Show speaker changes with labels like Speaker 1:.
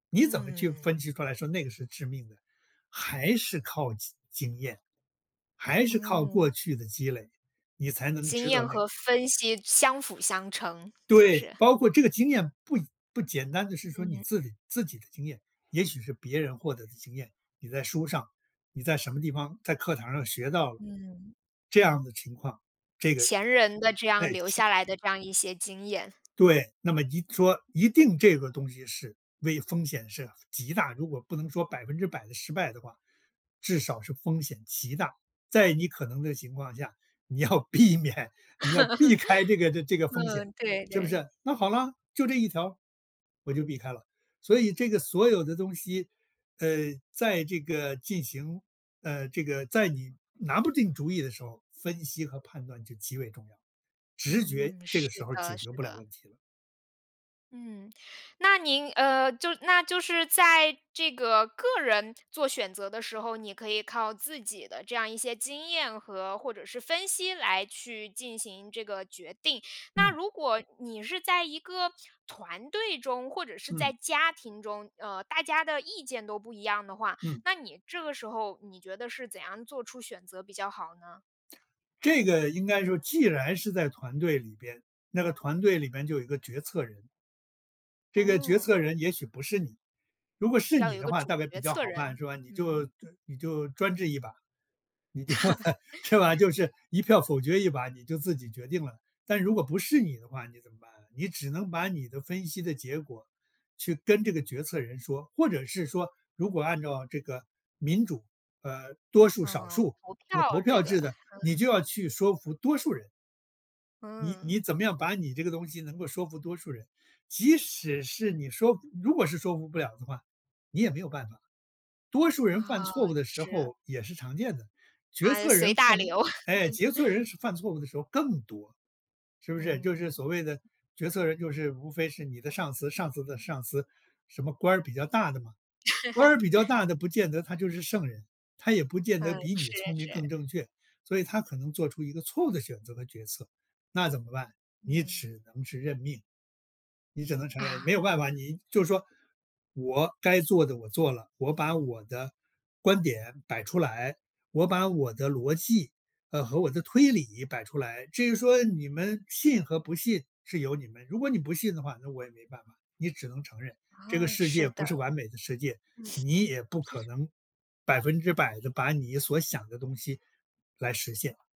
Speaker 1: 你怎么去
Speaker 2: 嗯。
Speaker 1: 分析出来说那个是致命的，还是靠经经验。还是靠过
Speaker 2: 嗯。
Speaker 1: 去的积累，你才能
Speaker 2: 经
Speaker 1: 知道
Speaker 2: 验
Speaker 1: 那个。
Speaker 2: 和分析相辅相成，就
Speaker 1: 对。
Speaker 2: 是。
Speaker 1: 包括这个经验，不不简单地是说，你
Speaker 2: 嗯。
Speaker 1: 自己自己的经验。也许是别人获得的经验。你在书上，你在什么地方，在课堂上学到了。
Speaker 2: 嗯。
Speaker 1: 这样的情况，这个
Speaker 2: 前人的这样
Speaker 1: 诶，
Speaker 2: 留
Speaker 1: 气
Speaker 2: 下来的这样一些经验。
Speaker 1: 对。那么一说，一定这个东西是为风险是极大，如果不能说100%的失败的话。至少是风险极大。在你可能的情况下，你要避免你要避开这个 这个风
Speaker 2: 哦，
Speaker 1: 险，
Speaker 2: 对，
Speaker 1: 是不
Speaker 2: 对。
Speaker 1: 是？那好了，就这一条，我就避开了。所以这个所有的东西，呃，在这个进行呃，这个在你拿不定主意的时候，分析和判断就极为重要。直觉
Speaker 2: 嗯，
Speaker 1: 这
Speaker 2: 是
Speaker 1: 个时候解
Speaker 2: 的是
Speaker 1: 决不了
Speaker 2: 的。
Speaker 1: 问题。
Speaker 2: 嗯，那您，呃，就那就是在这个个人做选择的时候，你可以靠自己的这样一些经验和或者是分析来去进行这个决定。那
Speaker 1: 嗯。
Speaker 2: 如果，你是在一个团队中，或者是在
Speaker 1: 嗯。
Speaker 2: 家庭中，呃，大家的意见都不一样的话，
Speaker 1: 嗯。
Speaker 2: 那你这个时候，你觉得是怎样做出选择比较好呢？
Speaker 1: 这个应该说既然是在团队里边，那个团队里面就有一个决策人。这个决
Speaker 2: 嗯。
Speaker 1: 策人也许不是你，如果是
Speaker 2: 要
Speaker 1: 你
Speaker 2: 有一
Speaker 1: 的
Speaker 2: 个
Speaker 1: 话大
Speaker 2: 主
Speaker 1: 概比
Speaker 2: 决
Speaker 1: 较
Speaker 2: 策
Speaker 1: 好办，
Speaker 2: 人。
Speaker 1: 是吧。你就就
Speaker 2: 嗯。
Speaker 1: 你就专制一把你就是吧？就 是一票否决一把，你就自己决定了。但如果不是你的话你怎么办？你只能把你的分析的结果，去跟这个决策人说，或者是说，如果按照这个，民主，呃，多数少
Speaker 2: 嗯，
Speaker 1: 数
Speaker 2: 投
Speaker 1: 这个投
Speaker 2: 票这
Speaker 1: 票
Speaker 2: 个
Speaker 1: 制的，
Speaker 2: 嗯。
Speaker 1: 你就要去说服多数人。你
Speaker 2: 嗯。
Speaker 1: 你怎么样把你这个东西能够说服多数人。即使是你说如果是说服不了的话，你也没有办法。多数人犯
Speaker 2: 啊，
Speaker 1: 错误的时
Speaker 2: 是。
Speaker 1: 候，也是常见的。决
Speaker 2: 啊，
Speaker 1: 策
Speaker 2: 随
Speaker 1: 人
Speaker 2: 大
Speaker 1: 犯
Speaker 2: 流。
Speaker 1: 哎，决策 人是犯错误的时候更多。是不是？就是
Speaker 2: 嗯。
Speaker 1: 所谓的决策人就是，无非是你的上司，上司的上司。什么官儿比较大的嘛。官儿比较 大的不见得他就是圣人。他也不见得
Speaker 2: 嗯，
Speaker 1: 比你
Speaker 2: 是
Speaker 1: 聪明
Speaker 2: 是。
Speaker 1: 更正确。所以他可能做出一个错误的选择和决策，那怎么办？你
Speaker 2: 嗯。
Speaker 1: 只能是认命。你只能承认，没
Speaker 2: 啊。
Speaker 1: 有办法。你就是说，我该做的我做了，我把我的观点摆出来，我把我的逻辑，呃，和我的推理摆出来。至于说你们，信和不信是由你们，如果你不信的话，那我也没办法。你只能承认，这个
Speaker 2: 哦，
Speaker 1: 世界
Speaker 2: 是的。
Speaker 1: 不是完美的世界。你也不
Speaker 2: 嗯。
Speaker 1: 可
Speaker 2: 是。
Speaker 1: 能100%地把你所想的东西，来实现。